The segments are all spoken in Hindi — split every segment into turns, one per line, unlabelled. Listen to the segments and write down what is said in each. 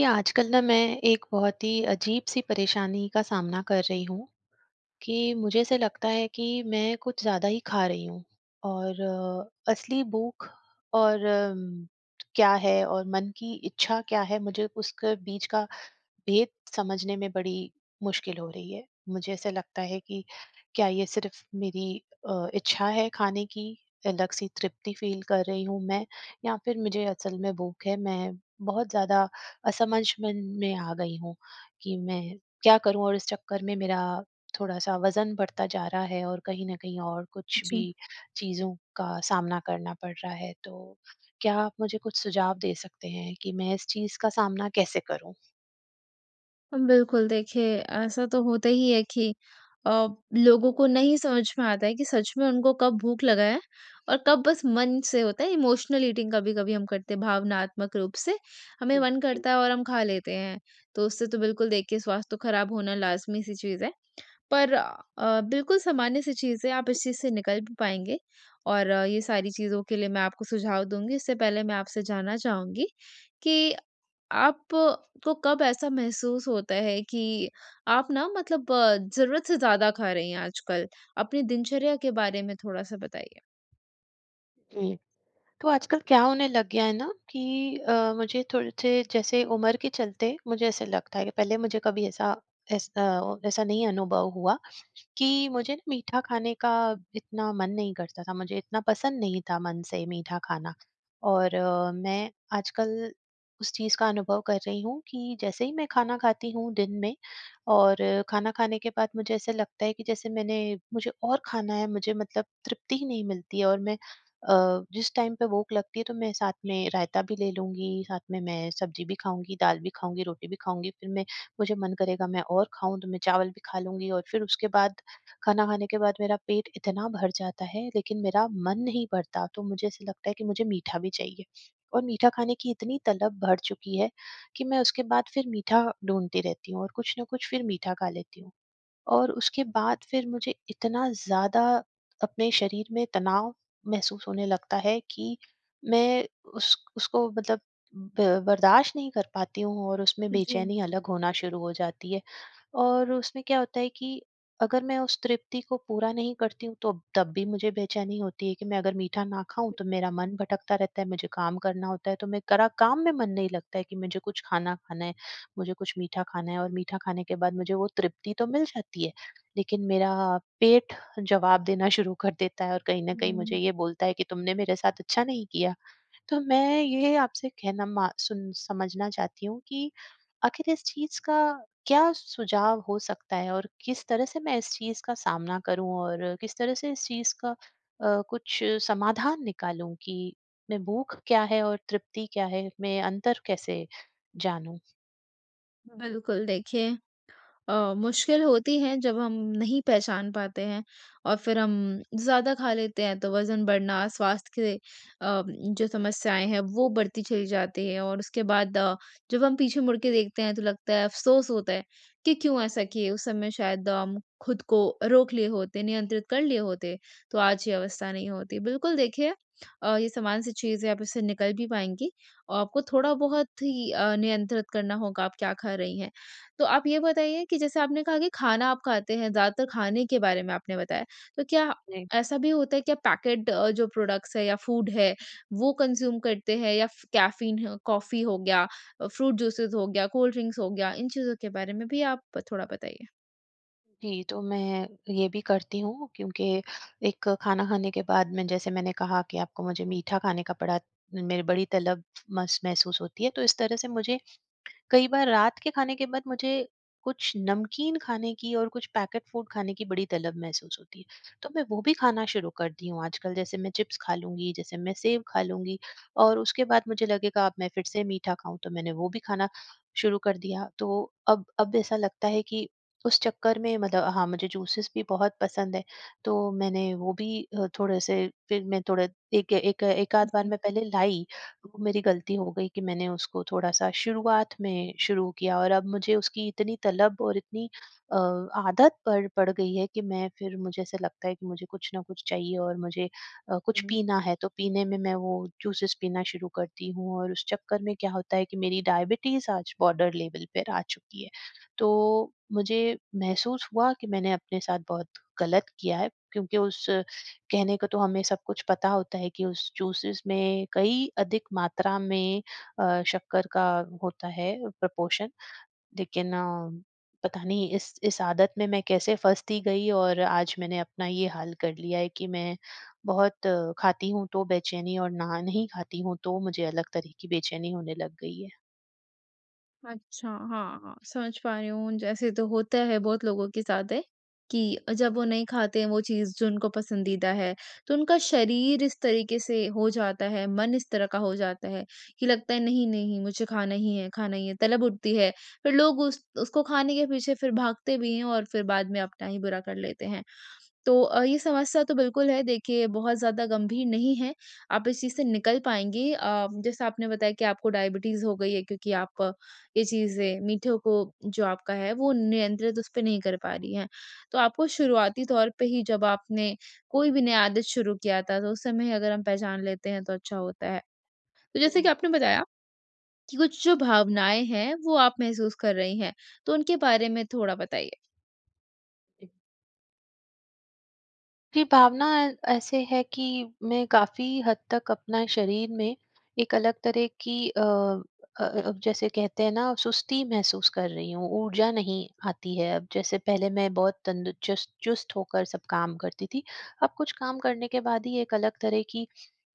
ये आजकल ना मैं एक बहुत ही अजीब-सी परेशानी का सामना कर रही हूँ, कि मुझे ऐसा लगता है कि मैं कुछ ज़्यादा ही खा रही हूँ और असली भूख और उम, क्या है और मन की इच्छा क्या है, मुझे उसके बीच का भेद समझने में बड़ी मुश्किल हो रही है, मुझे ऐसा लगता है कि क्या ये सिर्फ मेरी अ, इच्छा है खाने की, अलग सी तृप्ति फील कर रही हूँ मैं या फिर मुझे असल में भूख है? मैं बहुत ज़्यादा असमझमन में आ गई हूँ कि मैं क्या करूँ? और इस चक्कर में मेरा थोड़ा-सा वज़न बढ़ता जा रहा है और कहीं न कहीं और कुछ
जी।
भी चीज़ों का सामना करना पड़ रहा है, तो क्या आप मुझे कुछ सुझाव दे सकते हैं? कि मैं इस चीज़ का सामना कैसे करूँ?
उम, बिल्कुल देखिए ऐसा तो होता ही है कि अ, लोगों को नहीं समझ में आता है कि सच में उनको कब भूख लगा है और कब बस मन से होता है इमोशनल ईटिंग कभी-कभी हम करते हैं, भावनात्मक रूप से हमें
जी।
मन
जी।
करता है और हम खा लेते हैं, तो उससे तो बिल्कुल देखिए स्वास्थ्य तो खराब होना लाज़मी सी चीज़ है, पर अ, बिल्कुल सामान्य सी चीज़ें है आप इस चीज़ से निकल भी पाएँगे और ये सारी चीज़ों के लिए मैं आपको सुझाव दूँगी। इससे पहले मैं आपसे जानना चाहूँगी कि आप को कब ऐसा महसूस होता है कि आप ना मतलब ज़रूरत से ज़्यादा खा रही हैं आजकल? अपनी दिनचर्या के बारे में थोड़ा-सा बताइए?
जी, तो आजकल क्या होने लग गया है ना कि अ, मुझे थोड़े से जैसे उम्र के चलते, मुझे ऐसा लगता है कि पहले मुझे कभी ऐसा एस अ, ऐसा नहीं अनुभव हुआ कि मुझे मीठा खाने का इतना मन नहीं करता था, मुझे इतना पसंद नहीं था मन से मीठा खाना और मैं आजकल उस चीज़ का अनुभव कर रही हूँ, कि जैसे ही मैं खाना खाती हूँ दिन में और खाना खाने के बाद मुझे ऐसा लगता है कि जैसे मैंने मुझे और खाना है मुझे मतलब तृप्ति ही नहीं मिलती है और मैं अ, जिस टाइम पे भूख लगती है, तो मैं साथ में रायता भी ले लूँगी, साथ में मैं सब्जी भी खाऊँगी, दाल भी खाऊँगी, रोटी भी खाऊँगी, फिर मैं मुझे मन करेगा मैं और खाऊँ तो मैं चावल भी खा लूँगी और फिर उसके बाद खाना खाने के बाद मेरा पेट इतना भर जाता है, लेकिन मेरा मन नहीं भरता तो मुझे ऐसा लगता है कि मुझे मीठा भी चाहिए और मीठा खाने की इतनी तलब भर चुकी है कि मैं उसके बाद फिर मीठा ढूँढती रहती हूँ और कुछ ना कुछ फिर मीठा खा लेती हूँ और उसके बाद फिर मुझे इतना ज़्यादा अपने शरीर में तनाव महसूस होने लगता है, कि मैं उस उसको मतलब ब बर्दाश्त नहीं कर पाती हूँ और उसमें
जी।
बेचैनी अलग होना शुरू हो जाती है और उसमें क्या होता है कि अगर मैं उस तृप्ति को पूरा नहीं करती हूँ, तो तब भी मुझे बेचैनी होती है कि मैं अगर मीठा ना खाऊँ, तो मेरा मन भटकता रहता है, मुझे काम करना होता है। तो मैं करा काम में मन नहीं लगता है कि मुझे कुछ खाना खाना है, मुझे कुछ मीठा खाना है और मीठा खाने के बाद मुझे वो तृप्ति तो मिल जाती है, लेकिन मेरा पेट जवाब देना शुरू कर देता है और कहीं न कहीं मुझे
हुँ।
ये बोलता है कि तुमने मेरे साथ अच्छा नहीं किया। तो मैं ये आपसे कहना मा सुन समझना चाहती हूँ कि आखिर इस चीज़ का क्या सुझाव हो सकता है और किस तरह से मैं इस चीज़ का सामना करूँ और किस तरह से इस चीज़ का अ, कुछ समाधान निकालूँ कि मैं भूख क्या है और तृप्ति क्या है? मैं अंतर कैसे जानूँ?
बिल्कुल, देखिए अ, मुश्किल होती है जब हम नहीं पहचान पाते हैं और फिर हम ज़्यादा खा लेते हैं, तो वज़न बढ़ना स्वास्थ्य के अ, जो समस्याएँ हैं वो बढ़ती चली जाती है। और उसके बाद अ, जब हम पीछे मुड़ के देखते हैं तो लगता है अफ़सोस होता है। कि क्यों ऐसा किए उस समय शायद हम खुद को रोक लिए होते, नियंत्रित कर लिए होते, तो आज ये अवस्था नहीं होती। बिल्कुल देखिए अ, ये सामान्य स चीज़ है, आप इससे निकल भी पाएँगी। और आपको थोड़ा-बहुत ही अ, नियंत्रित करना होगा, आप क्या खा रही हैं, तो आप ये बताइए कि जैसे आपने कहा कि खाना आप खाते हैं ज़्यादातर खाने के बारे में आपने बताया। तो क्या
नहीं।
ऐसा भी होता है कि पैकेट अ, जो प्रोडक्ट्स है या फूड है वो कंज्यूम करते हैं या कैफ़ीन कॉफ़ी हो गया, फ्रूट जूसेस हो गया, कोल्ड ड्रिंक्स हो गया, इन चीज़ों के बारे में भी आप थोड़ा बताइए।
जी, तो मैं ये भी करती हूँ क्योंकि एक खाना खाने के बाद में जैसे मैंने कहा की आपको मुझे मीठा खाने का बड़ा मेरी बड़ी तलब मस महसूस होती है। तो इस तरह से मुझे कई बार रात के खाने के बाद मुझे कुछ नमकीन खाने की और कुछ पैकेट फूड खाने की बड़ी तलब महसूस होती है। तो मैं वो भी खाना शुरू कर दी हूँ आजकल जैसे मैं चिप्स खा लूँगी जैसे मैं सेव खा लूँगी और उसके बाद मुझे लगेगा अब मैं फिर से मीठा खाऊँ। तो मैंने वो भी खाना शुरू कर दिया। तो अब अब ऐसा लगता है कि उस चक्कर में मतलब हाँ, मुझे जूसेस भी बहुत पसंद है। तो मैंने वो भी अ, थोड़े से फिर मैं थोड़ा एक एक एकाध
हुँ,
बार
जी।
में पहले लाई, वो मेरी गलती हो गई कि मैंने उसको थोड़ा-सा शुरुआत में शुरू किया और अब मुझे उसकी इतनी तलब और इतनी अ, आदत पड़ पड़ गई है कि मैं फिर मुझे ऐसा लगता है कि मुझे कुछ ना कुछ चाहिए और मुझे अ, कुछ
हुँ।
पीना है, तो पीने में मैं वो जूसेज़ पीना शुरू करती हूँ। और उस चक्कर में क्या होता है कि मेरी डायबिटीज आज बॉर्डर लेवल पे आ चुकी है। तो मुझे महसूस हुआ कि मैंने अपने साथ बहुत गलत किया है क्योंकि उस कहने को तो हमें सब कुछ पता होता है कि उस जूसेस में कई अधिक मात्रा में अ, शक्कर का होता है प्रपोर्शन लेकिन पता नहीं इस इस आदत में मैं कैसे फँसती गई और आज मैंने अपना ये हाल कर लिया है कि मैं बहुत खाती हूँ, तो बेचैनी और ना नहीं खाती हूँ तो मुझे अलग तरह की बेचैनी होने लग गई है।
अच्छा हाँ, हाँ। समझ पा रही हूँ उन जैसे तो होता है बहुत लोगों के साथ है कि जब वो नहीं खाते हैं, वो चीज़ जो उनको पसंदीदा है, तो उनका शरीर इस तरीके से हो जाता है, मन इस तरह का हो जाता है कि लगता है नहीं, नहीं मुझे खाना ही है खाना ही है, तलब उठती है, फिर लोग उस उसको खाने के पीछे फिर भागते भी हैं और फिर बाद में अपना ही बुरा कर लेते हैं। तो अ, ये समस्या तो बिल्कुल है, देखिए बहुत ज़्यादा गंभीर नहीं है। आप इस चीज़ से निकल पाएँगी अ, जैसा आपने बताया कि आपको डायबिटीज़ हो गई है क्योंकि आप ये चीज़ें मीठों को जो आपका है वो नियंत्रित उस पे नहीं कर पा रही हैं। तो आपको शुरुआती तौर पे ही जब आपने कोई भी नया आदत शुरू किया था, तो उस समय अगर हम पहचान लेते हैं तो अच्छा होता है। तो जैसे कि
[unintelligible]
आपने बताया कि कुछ जो भावनाएँ हैं, वो आप महसूस कर रही हैं। तो उनके बारे में थोड़ा बताइए?
जी भावना अ, ऐसे है कि मैं काफ़ी हद तक अपना शरीर में एक अलग तरह की अ अ, अब जैसे कहते हैं ना सुस्ती महसूस कर रही हूँ ऊर्जा नहीं आती है, अब जैसे पहले मैं बहुत तंद चुस चुस्त होकर सब काम करती थी अब कुछ काम करने के बाद ही एक अलग तरह की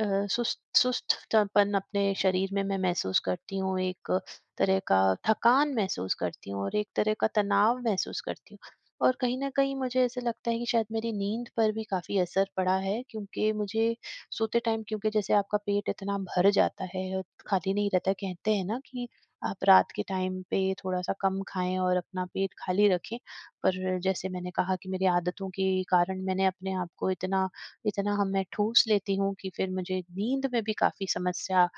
अ, सुस्त सुस्तपन अपने शरीर में मैं महसूस करती हूँ। एक तरह का थकान महसूस करती हूँ और एक तरह का तनाव महसूस करती हूँ और कहीं न कहीं मुझे ऐसा लगता है कि शायद मेरी नींद पर भी काफ़ी असर पड़ा है क्योंकि मुझे सोते टाइम क्योंकि जैसे आपका पेट इतना भर जाता है, खाली नहीं रहता है, कहते हैं ना कि आप रात के टाइम पे थोड़ा-सा कम खाएँ और अपना पेट खाली रखें। पर जैसे मैंने कहा कि मेरी आदतों के कारण मैंने अपने आप को इतना इतना हम में ठूँस लेती हूँ कि फिर मुझे नींद में भी काफ़ी समस्या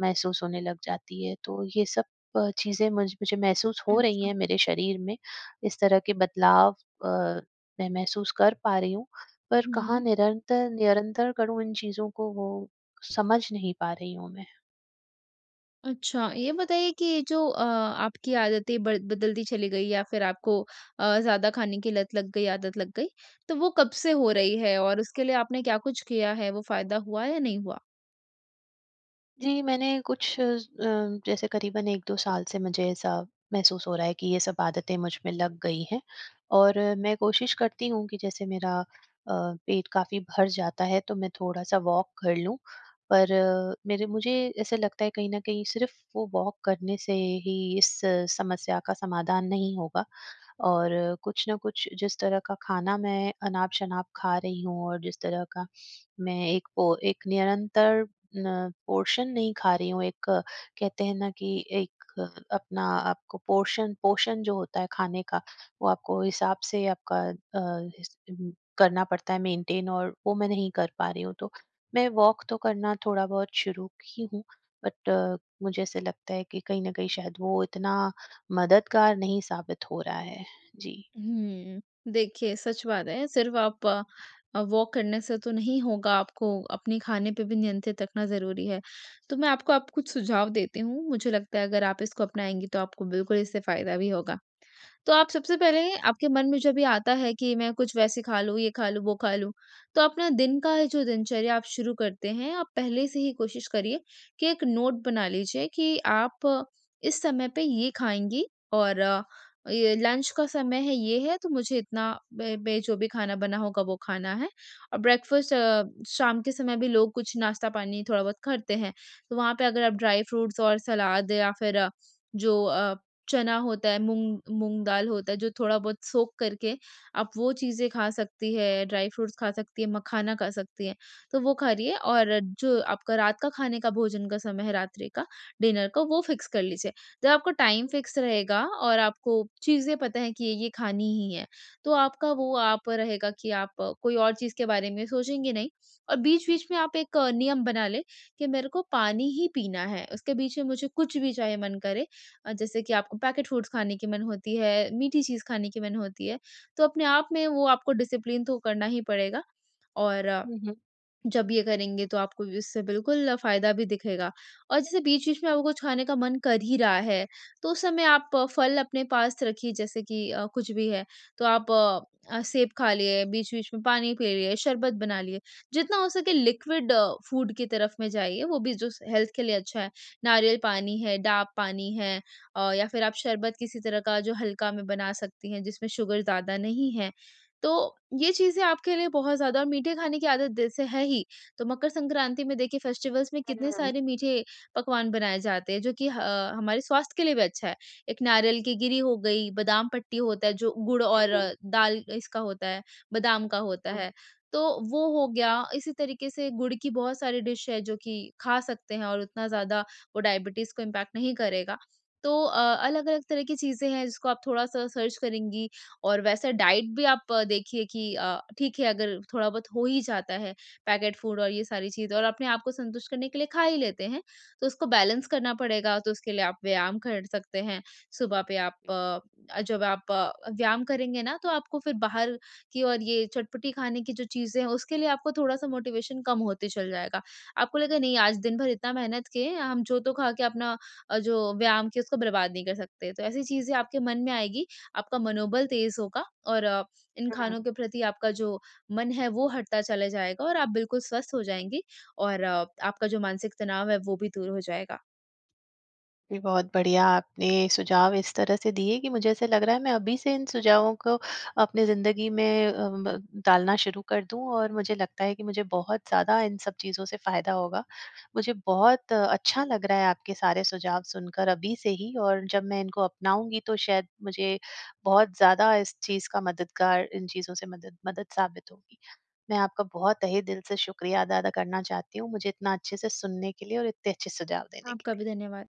महसूस होने लग जाती है, तो ये सब अ, चीज़ें मुझ मुझे महसूस हो रही
अच्छा।
हैं मेरे शरीर में, इस तरह के बदलाव अ, मैं महसूस कर पा रही हूँ, पर कहाँ
हुँ।
निरंतर निरंतर करूँ इन चीज़ों को? वो समझ नहीं पा रही हूँ मैं।
अच्छा, ये बताइए कि जो अ, आपकी आदतें बद बदलती चली गई या फिर आपको अ, ज़्यादा खाने की लत लग गई, आदत लग गई। तो वो कब से हो रही है? और उसके लिए आपने क्या कुछ किया है? वो फ़ायदा हुआ या नहीं हुआ?
जी, मैंने कुछ अ, जैसे करीबन 1-2 साल से मुझे ऐसा महसूस हो रहा है कि ये सब आदतें मुझ में लग गई हैं और मैं कोशिश करती हूँ कि जैसे मेरा अ, पेट काफ़ी भर जाता है, तो मैं थोड़ा-सा वॉक कर लूँ, पर मेरे मुझे ऐसा लगता है कहीं न कहीं सिर्फ वो वॉक करने से ही इस समस्या का समाधान नहीं होगा और कुछ ना कुछ जिस तरह का खाना मैं अनाप-शनाप खा रही हूँ और जिस तरह का मैं एक पो एक निरंतर ना पोर्शन नहीं खा रही हूँ, एक कहते हैं ना कि एक अपना आपको पोर्शन पोर्शन जो होता है खाने का वो आपको हिसाब से आपका अ, करना पड़ता है मेंटेन और वो मैं नहीं कर पा रही हूँ। तो मैं वॉक तो करना थोड़ा-बहुत शुरू की हूँ, बट मुझे ऐसा लगता है कि कहीं न कहीं शायद वो इतना मददगार नहीं साबित हो रहा है। जी।
हुँ, देखिए सच बात है, सिर्फ आप वॉक करने से तो नहीं होगा आपको, अपने खाने पे भी नियंत्रित रखना ज़रूरी है, तो मैं आपको अब कुछ सुझाव देती हूँ, मुझे लगता है अगर आप इसको अपनाएँगी तो आपको बिल्कुल इससे फायदा भी होगा। तो आप सबसे पहले आपके मन में जब ये आता है कि मैं कुछ वैसे खा लूँ, ये खा लूँ, वो खा लूँ। तो अपना दिन का जो दिनचर्या आप शुरू करते हैं, आप पहले से ही कोशिश करिए कि एक नोट बना लीजिए कि आप इस समय पे ये खाएँगी और ये लंच का समय है, ये है तो मुझे इतना बै बै, जो भी खाना बना होगा वो खाना है। और ब्रेकफास्ट अ, शाम के समय भी लोग कुछ नाश्ता पानी थोड़ा-बहुत करते हैं। तो वहाँ पे अगर आप ड्राई फ्रूट्स और सलाद या फिर जो अ, चना होता है मूँग मूँग दाल होता है, जो थोड़ा-बहुत सोक करके आप वो चीज़ें खा सकती हैं, ड्राई फ्रूट्स खा सकती हैं, मखाना खा सकती हैं। तो वो खा रही है और जो आपका रात का खाने का भोजन का समय है, रात्रि का, डिनर का वो फिक्स कर लीजिए। जब आपका टाइम फिक्स रहेगा और आपको चीज़ें पता है कि ये खानी ही है, तो आपका वो आप रहेगा कि आप कोई और चीज़ के बारे में सोचेंगे नहीं और बीच-बीच में आप एक नियम बना लें, कि मेरे को पानी ही पीना है। उसके बीच में मुझे कुछ भी चाहे मन करे अ, जैसे कि आपको पैकेट फूड्स खाने की मन होती है, मीठी चीज़ खाने की मन होती है, तो अपने आप में वो आपको डिसिप्लिन तो करना ही पड़ेगा और
हुँ, हुँ।
जब ये करेंगे तो आपको इससे बिल्कुल फ़ायदा भी दिखेगा और जैसे बीच-बीच में आपको कुछ खाने का मन कर ही रहा है, तो उस समय आप फल अपने पास रखिए, जैसे कि अ, कुछ भी है, तो आप अ, सेब खा लें, बीच-बीच में पानी पी लिए, शरबत बना लिए, जितना हो सके लिक्विड फूड की तरफ में जाइए, वो भी जो से हेल्थ के लिए अच्छा है। नारियल पानी है, डाब पानी है अ, या फिर आप शरबत किसी तरह का जो हल्का में बना सकती हैं, जिसमें शुगर ज़्यादा नहीं है। तो ये चीज़ें आपके लिए बहुत ज़्यादा मीठे खाने की आदत जैसे है ही, तो मकर संक्रांति में देखिए फेस्टिवल्स में कितने
हुँ।
सारे मीठे पकवान बनाए जाते हैं, जो कि ह हमारे स्वास्थ्य के लिए भी अच्छा है। एक नारियल की गिरी हो गई, बादाम पट्टी होता है, जो गुड़ और
हुँ।
दाल अ, इसका होता है, बादाम का होता
हुँ।
है, तो वो हो गया इसी तरीके से गुड़ की बहुत सारी डिश है जो कि खा सकते हैं और उतना ज़्यादा वो डायबिटीज को इम्पैक्ट नहीं करेगा। तो अ अलग-अलग तरह की चीज़ें हैं, जिसको आप थोड़ा-सा सर्च करेंगी और वैसा डाइट भी आप देखिए कि अ, ठीक है अगर थोड़ा-बहुत हो ही जाता है पैकेट फूड और ये सारी चीज़ें और अपने आप को संतुष्ट करने के लिए खा ही लेते हैं, तो उसको बैलेंस करना पड़ेगा, तो उसके लिए आप व्यायाम कर सकते हैं। सुबह पे आप अ, जब आप अ, व्यायाम करेंगे ना तो आप आपको फिर बाहर की और ये चटपटी खाने की जो चीज़ें हैं, उसके लिए आपको थोड़ा-सा मोटिवेशन कम होते चल जाएगा। आपको लगेगा नहीं आज दिन-भर इतना मेहनत किए हैं, हम जो-तो खा के अपना अ, जो व्यायाम किए उसको बर्बाद नहीं कर सकते। तो ऐसी चीज़ें आपके मन में आएगी, आपका मनोबल तेज होगा और इन
हुँ।
खानों के प्रति आपका जो मन है, वो हटता चला जाएगा और आप बिल्कुल स्वस्थ हो जाएँगी और आपका जो मानसिक तनाव है, वो भी दूर हो जाएगा।
जी, बहुत बढ़िया आपने सुझाव इस तरह से दिए कि मुझे ऐसा लग रहा है मैं अभी से इन सुझावों को अपनी ज़िंदगी में अ, ब डालना शुरू कर दूँ और मुझे लगता है कि मुझे बहुत ज़्यादा इन सब चीज़ों से फ़ायदा होगा, मुझे बहुत अच्छा लग रहा है आपके सारे सुझाव सुनकर अभी से ही और जब मैं इनको अपनाऊँगी तो शायद मुझे बहुत ज़्यादा इस चीज़ का मददगार इन चीज़ों से मदद मदद साबित होगी। मैं आपका बहुत तहे दिल से शुक्रिया दा अदा करना चाहती हूँ, मुझे इतना अच्छे से सुनने के लिए और इतने अच्छे सुझाव देने के
आपका
लिए।
भी धन्यवाद।